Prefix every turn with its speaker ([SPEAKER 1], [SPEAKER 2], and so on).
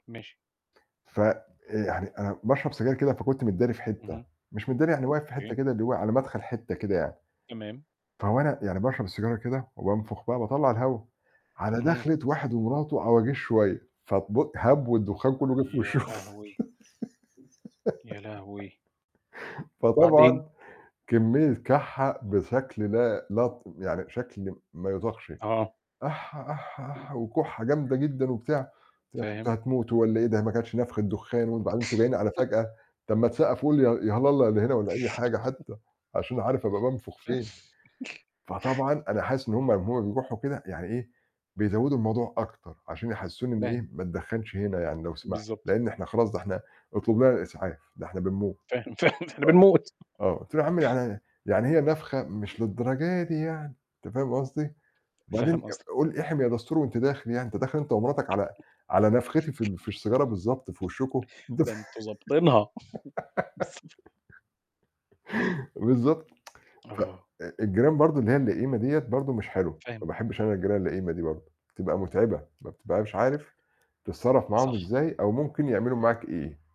[SPEAKER 1] ماشي.
[SPEAKER 2] ف آآ يعني أنا باشرب سجاير كده، فكنت متداري في حتّة،
[SPEAKER 1] اهم.
[SPEAKER 2] مش متدّاري يعني واقف في حتّة
[SPEAKER 1] أوكي.
[SPEAKER 2] كده اللي هو على مَدخَل حتّة كده يعني.
[SPEAKER 1] تمام.
[SPEAKER 2] فوأنا يعني باشرب السيجارة كده وبانفُخ بقى باطلّع الهَوا، على
[SPEAKER 1] اهم.
[SPEAKER 2] داخلِة واحد ومراته عواجيز شوية، ف بق هَبْو الدُخّان كلّه جِه في
[SPEAKER 1] يا
[SPEAKER 2] وِشهم.
[SPEAKER 1] لهوي! يا لهوي! وبعدين؟
[SPEAKER 2] فطبعًا كمّية كَحّة بشكل لا لطم يعني بشكل ما يُطاقش
[SPEAKER 1] آه.
[SPEAKER 2] أح، أح، أح وكُحّة جامدة جدًا وبتاع ت أنتم
[SPEAKER 1] فاهم.
[SPEAKER 2] هتموتوا والّا إيه ده ما كانتش نَفخة دُخّان وبعدين أنتم جايين على فجأة، طَب ما تسقّفوا لي يا يا هَلالة يا اللي هنا والّا أي حاجة حتّى، عشان أبقى عارف أبقى بانفُخ فين.
[SPEAKER 1] بس.
[SPEAKER 2] فطبعًا أنا حاسس إن هم هم أمّا يروحوا كده يعني إيه، بيزوّدوا الموضوع أكتر عشان يحسِّسوني إن
[SPEAKER 1] فاهم.
[SPEAKER 2] إيه، ما تدخّنش هنا يعني لو سمحت
[SPEAKER 1] بالضبط.
[SPEAKER 2] لإن إحنا خلاص ده إحنا أُطلب لنا الإسعاف ده إحنا بنموت.
[SPEAKER 1] فاهم، فاهم إحنا بنموت.
[SPEAKER 2] آه. آه. قُلت له: "يا عم يعني يعني هي نَفخَة مش للدرجة دي يعني." أنت فاهم قصدي، "بعدين
[SPEAKER 1] فاهم قصدك.
[SPEAKER 2] آآ قُل إحِم يا دَستور وأنت داخِل يعني، أنت داخِل أنت أمرتك على على نَفختي في ال في السيجارة بالضبط في وشُّكم."
[SPEAKER 1] ده أنتم ضابطينها.
[SPEAKER 2] بالضبط. ف
[SPEAKER 1] آه.
[SPEAKER 2] آآ الجيران برضه اللي هي اللئيمة دِيّة برضه مش حلوة، ما
[SPEAKER 1] فاهم.
[SPEAKER 2] باحبّش أنا الجيران اللئيمة دي برضه بتبقى مُتعِبة، ما بتبقاش عارف تتصرّف معاهم
[SPEAKER 1] صح.
[SPEAKER 2] إزاي أو ممكن يعملوا معاك إيه؟